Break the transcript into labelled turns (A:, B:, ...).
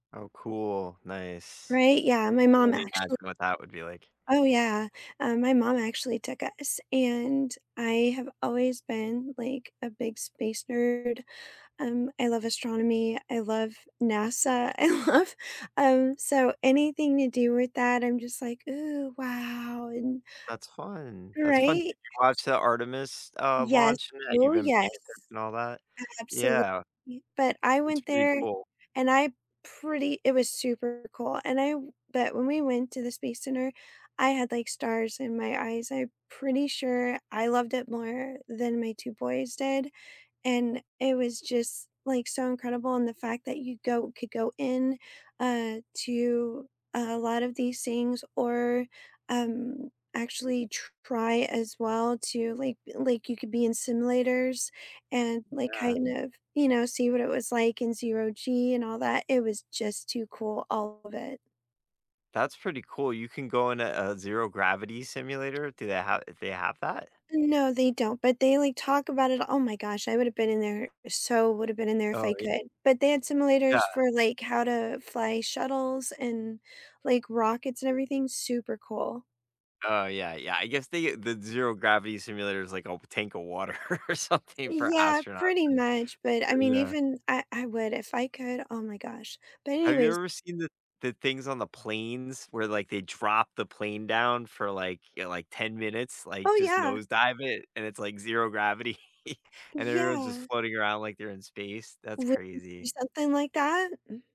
A: Oh, cool. Nice.
B: Right? Yeah.
A: I
B: My
A: can
B: mom
A: only imagine
B: actual
A: what that would be like.
B: Oh, yeah, uh, my mom actually took us, and I have always been, like, a big space nerd. Um, I love astronomy, I love NASA, I love um, so anything to do with that, I'm just, like, "Ooh, wow," and
A: That's fun, that's fun.
B: Right?
A: Did you
B: S
A: watch the Artemis, uh,
B: Yes.
A: launch and that you've
B: Ooh,
A: been paying
B: yes.
A: attention, all that?
B: Absolutely.
A: Yeah.
B: But I
A: It's
B: went
A: pretty
B: there,
A: cool.
B: and I pretty it was super cool, and I but when we went to the space center, I had, like, stars in my eyes. I pretty sure I loved it more than my 2 boys did, and it was just, like, so incredible, and the fact that you go could go in, uh, to a lot of these things or, um, actually try as well to like like, you could be in simulators and, like,
A: Yeah.
B: kind of, you know, see what it was like in zero G and all that. It was just too cool. All of it.
A: That's pretty cool. You can go in a a zero gravity simulator; do they have did they have that?
B: No, they don't, but they, like, talk about it. Oh my gosh. I would have been in there so would have been in there if I
A: Oh, ye
B: could. But they had
A: Yeah.
B: simulators for, like, how to fly shuttles and, like, rockets and everything. Super cool.
A: Oh, yeah, yeah. I guess they the zero gravity simulator is like a w tank of water or something for
B: Yeah,
A: astronauts.
B: pretty
A: Yeah, eh,
B: much, but I mean,
A: yeah.
B: even I I would if I could. Oh my gosh. But
A: Have you
B: anyways
A: ever seen the the things on the planes where, like, they drop the plane down for, like, y like, 10 minutes, like,
B: Oh,
A: just
B: yeah.
A: nose dive it, and it's, like, zero gravity, and everyone's just
B: Yeah.
A: floating around like they're in space. That's
B: Would you
A: crazy.
B: do something like that? Mm.